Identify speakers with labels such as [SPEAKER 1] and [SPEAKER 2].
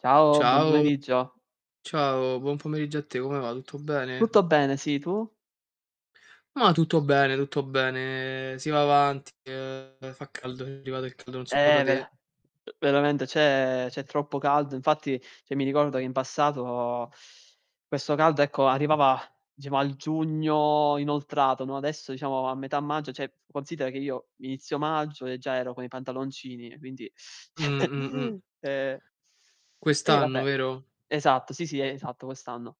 [SPEAKER 1] Ciao, buon
[SPEAKER 2] Ciao.
[SPEAKER 1] pomeriggio.
[SPEAKER 2] Ciao buon pomeriggio a te come va? Tutto bene?
[SPEAKER 1] Tutto bene, sì, tu?
[SPEAKER 2] Mah, tutto bene tutto bene, si va avanti, uhm, fa caldo, è arrivato il caldo, non so da
[SPEAKER 1] Eh, vera
[SPEAKER 2] te.
[SPEAKER 1] veramente c'è c'è troppo caldo. Infatti, cioè, mi ricordo che in passato, questo caldo, ecco, arrivava, diciamo, al giugno inoltrato, no, adesso, diciamo a metà maggio cioè considera che io, inizio maggio, e già ero con i pantaloncini, e quindi
[SPEAKER 2] Mh. Mh. Mh.
[SPEAKER 1] E Eh,
[SPEAKER 2] Quest'anno
[SPEAKER 1] vabbè
[SPEAKER 2] vero?
[SPEAKER 1] Esatto, sì, sì, esatto, quest'anno.